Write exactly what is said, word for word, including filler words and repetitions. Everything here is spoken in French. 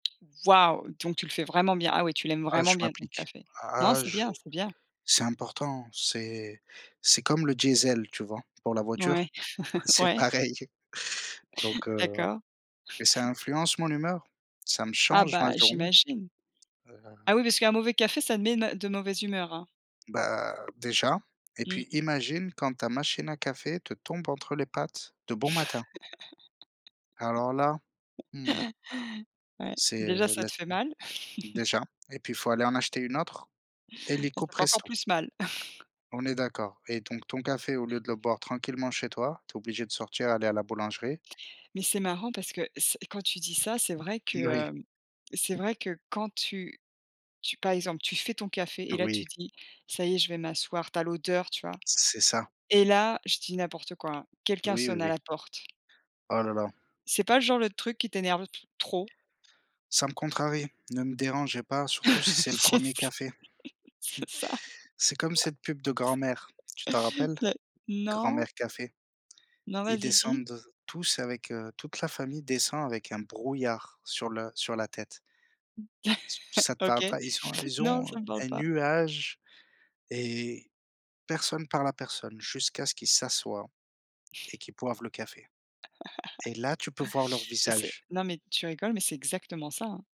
Waouh! Donc tu le fais vraiment bien. Ah oui tu l'aimes Ah vraiment je bien ton m'applique. café. Non, Ah c'est je bien, c'est bien. c'est important. C'est c'est comme le diesel, tu vois? Pour la voiture? Ouais. C'est Ouais. pareil. Donc heu, ouais. D'accord. Mais ça influence mon humeur. Ça me Ah change ma bah, journée, j'imagine. heu Ah oui, parce qu'un mauvais café, ça met na de mauvaise humeur, hein. Bah, déjà et Mmh. puis imagine quand ta machine à café te tombe entre les pattes de bon matin. Alors là! Mmh. Ouais. C'est Déjà, ça te laisse fait mal. mmh, déjà et puis, il faut aller en acheter une autre, Bah, illico ça fait encore presto. plus mal! On est d'accord et donc ton café, au lieu de le boire tranquillement chez toi, tu es obligé de sortir, aller à la boulangerie. Mais c'est marrant parce que c quand tu dis ça, c'est vrai que, Uri. hem, c'est vrai que quand tu tu par exemple, tu fais ton café et là Oui. tu dis: «Ça y est, je vais m'asseoir», tu as l'odeur, tu vois? C'est ça. Et là, je dis n'importe quoi hein, quelqu'un Oui, oui, sonne à oui. la porte. Oh la la! C'est pas, genre, le truc qui t'énerve le p trop? Ça me contrarie. Ne me dérangez pas, surtout si c'est le Yes! premier café. C'est ça. C'est comme cette pub de Grand’Mère, tu t'en S rappelles? La non? Grand’Mère café. Non, Ils vas-y. Dis. descendent tous avec, heu, toute la famille descend avec un brouillard sur le sur la tête. Ç ça te parle OK. pas? Ils sont ils Non, ont ça me parle un pas. nuage et personne parle à personne jusqu'à ce qu'ils s'assoient et qu'ils boivent le café et là, tu peux voir leurs Mais c'est visages. non, mais tu rigoles, mais c'est exactement ça, hein.